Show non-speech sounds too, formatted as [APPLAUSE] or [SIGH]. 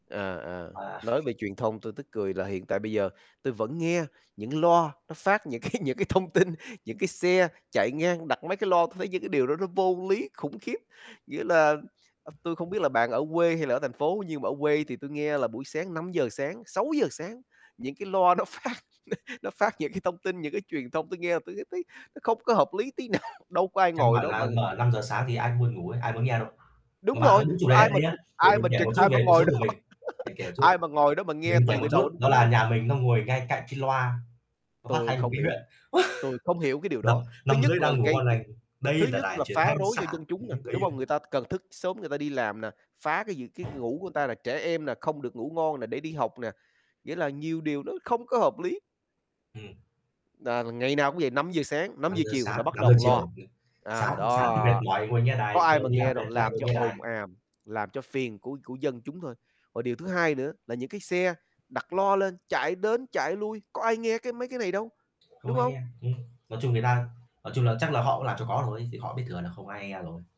À, à, À. nói về truyền thông, tui tức cười là hiện tại bây giờ tui vẫn nghe những loa nó phát những cái những cái thông tin, những cái xe chạy ngang, đặt mấy cái loa, tui thấy những cái điều đó nó vô lý khủng khiếp. Nghĩa là à, tui không biết là bạn ở quê hay là ở thành phố, nhưng mà ở quê thì tui nghe là buổi sáng 5:00 sáng, 6:00 sáng, những cái loa nó phát, n nó phát những cái thông tin, những cái truyền thông, tui nghe tui cứ thấy nó không có hợp lý tí nào, đâu có ai Căn ngồi bản đó mà là mở 5:00 sáng thì ai cũng buồn ngủ ấy, ai muốn nghe đâu. Đúng Mà bạn rồi, nói đúng chủ có đề á, ai đây mà nhá, trực để ai mình mà kể trực, một chút ai mà về cuộc ngồi sống của đó, mình, [LAUGHS] để kể một chút. ai mà ngồi đó mà nghe Mình kể từ một từ chút đầu đến đó cuối là đâu. nhà mình nó ngồi ngay cạnh cái loa, nó phát Tui thanh của không cái hiểu, huyện. tui không hiểu [LAUGHS] cái điều Nằm đó. Thứ nằm nhất dưới là đang ngủ gây ngon g lành: thứ "Đây là nhất đài là truyền phá thanh rối xã" do dân thì chúng nè, lúc đấy, đúng ờ không? Người ta cần thức sớm người ta đi làm nè, phá cái gì cái ngủ của người ta là trẻ em nè, không được ngủ ngon nè, để đi học nè, nghĩa là nhiều điều nó không có hợp lý. Ừm. Nà là ngày nào cũng vậy, 5:00 sáng, năm năm giờ giờ chiều sáng, là bắt 5:00 đầu loa. chiều, sáng À, thì sáng đó, thì mệt mỏi ngồi nghe có đài, ai chiều mà đi làm nghe đâu, mệt lại làm ngồi cho nghe đài. ồn ào, làm cho phiền của của dân chúng thôi. Và điều thứ hai nữa là những cái xe đặt loa lên chạy đến, chạy lui, có ai nghe cái mấy cái này đâu, Không đúng ai nghe, hông? ừm, nói chung người ta nói chung là chắc là họ cũng làm cho có thôi, chứ họ biết thừa là không ai nghe rồi.